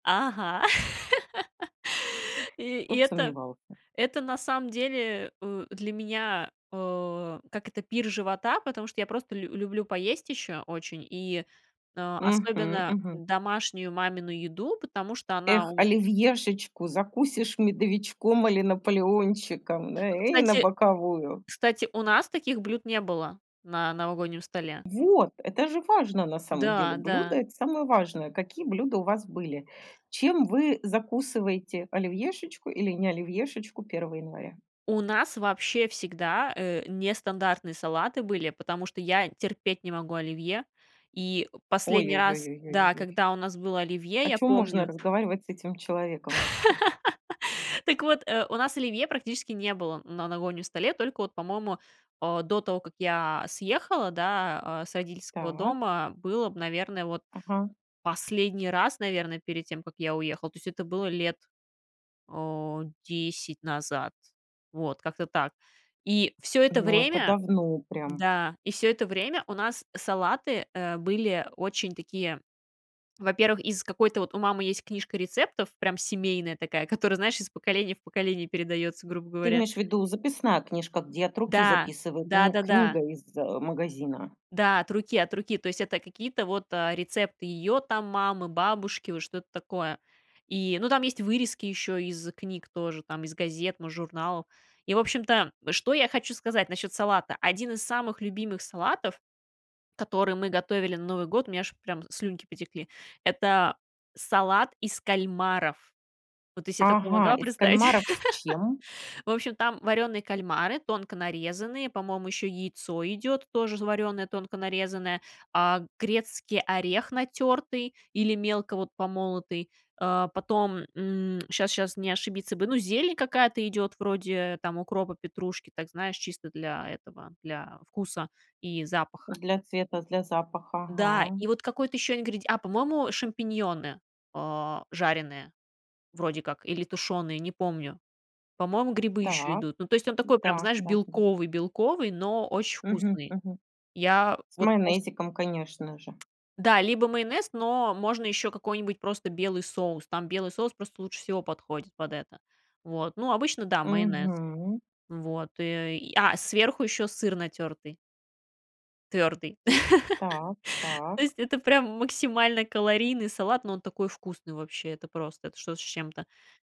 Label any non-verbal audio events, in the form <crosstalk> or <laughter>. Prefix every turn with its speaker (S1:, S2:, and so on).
S1: Ага. <laughs> И
S2: Кто
S1: и
S2: б
S1: это
S2: сомневался.
S1: это, на самом деле, э, для меня, э, как это, пир живота, потому что я просто лю люблю поесть еще очень и, а,
S2: Мгм,
S1: особенно
S2: мгм.
S1: домашнюю мамину еду, потому что она
S2: Эх,
S1: у
S2: оливьешечку закусишь медовичком или наполеончиком, э, и на
S1: кстати,
S2: боковую.
S1: кстати, у нас таких блюд не было на новогоднем столе.
S2: Вот! Это же важно, на самом деле,
S1: Да,
S2: блюда-
S1: да.
S2: это самое важное. Какие блюда у вас были? Чем вы закусываете оливьешечку или не оливьешечку 1 января?
S1: У нас вообще всегда, э, нестандартные салаты были, потому что я терпеть не могу оливье. И, э,
S2: О ё
S1: последний
S2: ё
S1: раз
S2: ё ё ё
S1: да,
S2: ёй.
S1: когда у нас было оливье,
S2: О
S1: я
S2: чём можно
S1: помню
S2: разговаривать с этим человеком вообще?
S1: <laughs> так вот, э, у нас оливье практически не было на новогоднем столе. Только вот, по-моему, а, до того, как я съехала, да, а, с родительского
S2: Так.
S1: дома, было б, наверное, вот
S2: Ага.
S1: последний раз, наверное, перед тем, как я уехала. То есть это было лет, о, 10 назад. Вот, как-то так. И всё это
S2: Но это
S1: время
S2: давно прям.
S1: да, и всё это время у нас салаты, э, были очень такие во-первых, из какой-то вот у мамы есть книжка рецептов прям семейная такая, которая, знаешь, из поколения в поколение передается, грубо
S2: Ты
S1: говоря.
S2: имеешь в виду- записная книжка, где от руки
S1: Да,
S2: записывают? Не
S1: да-да-да.
S2: книга из, э, магазина?
S1: Да, от руки, от руки. То есть, это какие-то вот, а, рецепты ее там мамы, бабушки, вот что-то такое. И, ну, там есть вырезки еще из книг тоже, там из газет, мож журналов. И в общем-то, что я хочу сказать насчет салата: 1 из самых любимых салатов, который мы готовили на Новый год,- у меня аж прям слюнки потекли,- это салат из кальмаров. Вот ты се такое
S2: Ага.
S1: помогла
S2: Из
S1: представить?
S2: кальмаров с чем?
S1: <laughs> В общем, там варёные кальмары, тонко нарезанные, по-моему, еще яйцо идет тоже варёное, тонко нарезанное, а, грецкий орех натертый или мелко вот помолотый, а, потом, м, щас щас не ошибиться бы,- ну, зелень какая-то идет, вроде, там, укропа, петрушки, так, знаешь, чисто для этого, для вкуса и запаха.
S2: Для цвета, для запаха.
S1: Да.
S2: Ага.
S1: И вот какой-то еще ингреди а, по-моему, шампиньоны, а, жареные, вроде как, или тушеные, не помню. По-моему, грибы еще
S2: Так.
S1: идут. Ну, то есть он такой прям,
S2: М-да,
S1: знаешь,
S2: да, да.
S1: белковый, белковый, но очень
S2: Мгм,
S1: вкусный.
S2: мгм.
S1: Я
S2: С
S1: вот пос
S2: майонезиком, конечно же.
S1: Да, либо майонез, но можно еще какой-нибудь просто белый соус. Там белый соус просто лучше всего подходит под это. Вот. Ну, обычно, да, майонез.
S2: Мгм.
S1: Вот и а, сверху еще сыр натертый. Твердый.
S2: Так,
S1: <laughs> То
S2: так.
S1: есть это прям максимально калорийный салат, но он такой вкусный вообще, это просто, это что-то с чем-то.